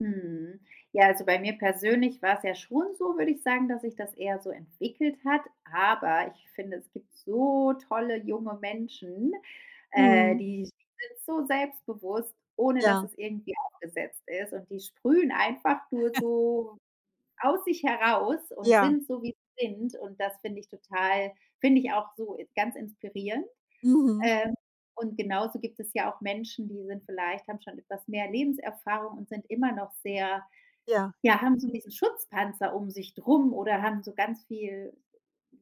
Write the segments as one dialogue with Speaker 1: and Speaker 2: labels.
Speaker 1: Mhm. Ja, also bei mir persönlich war's ja schon so, würde ich sagen, dass sich das eher so entwickelt hat. Aber ich finde, es gibt so tolle junge Menschen, äh,
Speaker 2: Mhm.
Speaker 1: die sind so selbstbewusst, ohne dass
Speaker 2: Ja.
Speaker 1: es irgendwie aufgesetzt ist und die sprühen einfach nur so aus sich heraus und
Speaker 2: Ja.
Speaker 1: sind so, wie sie sind und das finde ich total finde ich auch so, äh, ganz inspirierend.
Speaker 2: Mhm.
Speaker 1: Ähm, und genauso gibt es ja auch Menschen, die sind vielleicht haben schon etwas mehr Lebenserfahrung und sind immer noch sehr
Speaker 2: Ja.
Speaker 1: ja, haben so diesen Schutzpanzer um sich drum oder haben so ganz viel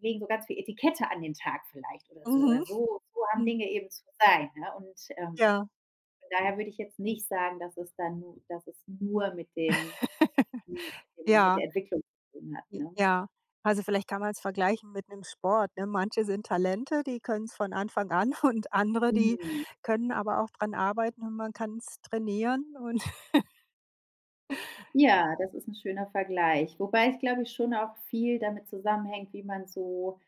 Speaker 1: legen so ganz viel Etikette an den Tag vielleicht oder so oder
Speaker 2: Mhm.
Speaker 1: so so haben
Speaker 2: Mhm.
Speaker 1: Dinge eben zu sein, ne? Und, ähm,
Speaker 2: Ja.
Speaker 1: von daher würde ich jetzt nicht sagen, dass es dann nu dass es nur mit dem hm, mit dem mit
Speaker 2: Ja.
Speaker 1: der Entwicklung zu tun hat,
Speaker 2: J
Speaker 1: ne?
Speaker 2: Ja. Also, vielleicht kann man's vergleichen mit 'nem Sport, ne? Manche sind Talente, die können es von Anfang an und andere, die
Speaker 1: Mhm.
Speaker 2: können aber auch dran arbeiten und man kann es trainieren. Und
Speaker 1: Ja, das ist 'n schöner Vergleich. Wobei ich glaube ich, schon auch viel damit zusammenhängt, wie man so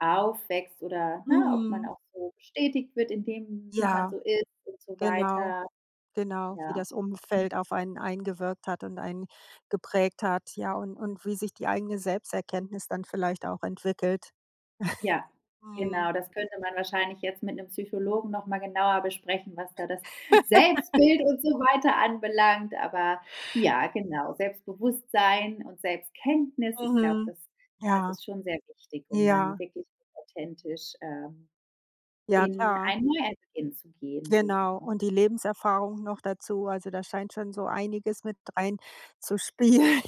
Speaker 1: aufwächst oder, ne, ob man
Speaker 2: Mhm.
Speaker 1: auch so bestätigt wird in dem, wie man
Speaker 2: Ja.
Speaker 1: so ist und so
Speaker 2: Genau,
Speaker 1: weiter.
Speaker 2: genau, wie
Speaker 1: Ja.
Speaker 2: das
Speaker 1: Mhm.
Speaker 2: Umfeld auf einen eingewirkt hat und einen geprägt hat, ja, und und wie sich die eigene Selbsterkenntnis dann vielleicht auch entwickelt.
Speaker 1: Ja,
Speaker 2: Mhm.
Speaker 1: genau das könnte man wahrscheinlich jetzt mit 'nem Psychologen noch mal genauer besprechen, was da das Selbstbild und so weiter anbelangt. Aber ja, genau Selbstbewusstsein und Selbstkenntnis, ich glaube,
Speaker 2: Mhm.
Speaker 1: das das
Speaker 2: Ja,
Speaker 1: ist schon sehr wichtig, um dann
Speaker 2: ja.
Speaker 1: wirklich authentisch, äh,
Speaker 2: Ja,
Speaker 1: in
Speaker 2: klar.
Speaker 1: einen [unintelligible] zu gehen. So,
Speaker 2: Genau.
Speaker 1: ne?
Speaker 2: Und die Lebenserfahrung noch dazu. Also, da scheint schon so einiges mit reinzuspielen.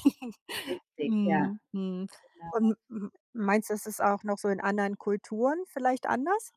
Speaker 1: Richtig, ja.
Speaker 2: Mhm. Mhm.
Speaker 1: Genau.
Speaker 2: Und m meinst du, es ist auch noch so in anderen Kulturen vielleicht anders?